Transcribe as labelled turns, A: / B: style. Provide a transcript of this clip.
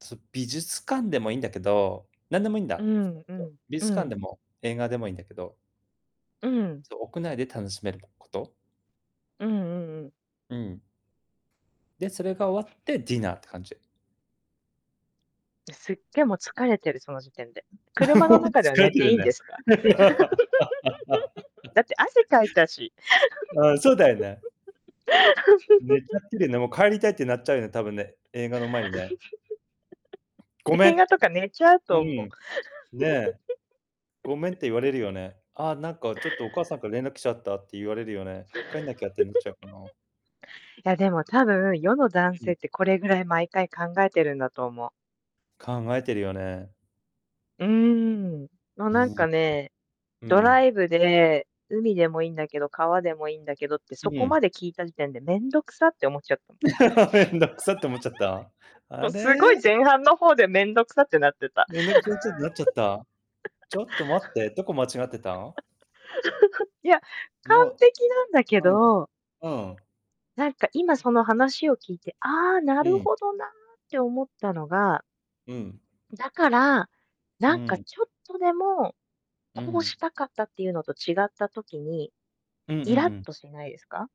A: す美術館でもいいんだけど、何でもいいん
B: う
A: だ。
B: んう ん
A: 美
B: う
A: 術館
B: ん。
A: でも、映画でもいいんだけど。
B: うん。
A: そう、屋内で楽しめること？
B: うんうんうん。
A: うん。で、それが終わって、ディナーって感じ。
B: すっげえ、もう疲れてる、その時点で。車の
A: もう
B: 中では
A: 疲れ
B: 寝
A: て
B: て
A: る
B: い
A: ん
B: いんで
A: ね。
B: すか？だって汗かいたし。
A: うん、そうだよね。寝ちゃって るよね、もう帰りたいってなっちゃうよね、多分ね、映画の前にね。ごめ
B: 映
A: ん。
B: 画とか寝ちゃう
A: う
B: と思う。
A: ん。ねえ。ごめんって言われるよね。「あ、なんかちょっとお母さんから連絡来ちゃった」って言われるよね。帰んなきゃってなっちゃうかな。
B: いや、でも多分、世の男
A: う
B: 性っ
A: ん。
B: てこれぐらい毎回考えてるんだと思う。
A: 考えてるよね。
B: うーん。もうなんかね、
A: う
B: ドラ
A: ん。
B: イブで、海でもいいんだけど、川でもいいんだけどって
A: う
B: そこ
A: ん。
B: まで聞いた時点で面倒くさって思っちゃった。
A: 面倒くさって思っちゃった。
B: も
A: あ
B: うすご
A: れ。
B: い前半の方で面倒くさくなってた。
A: なっちゃった。ち ょっと待って、どこ間違ってた？
B: いや、完
A: も
B: 璧なんだけ
A: う、うん、
B: ど。
A: うん。
B: なんか今その話を聞いて、ああ、な
A: う
B: る
A: ん。
B: ほどなって思ったのが
A: うん。
B: だから、
A: う
B: なんか
A: ん。
B: ちょっとでも、
A: う
B: こう
A: ん。
B: したかったっていうのと違った時に、
A: うんうんう
B: イラっ
A: ん。
B: としないですか？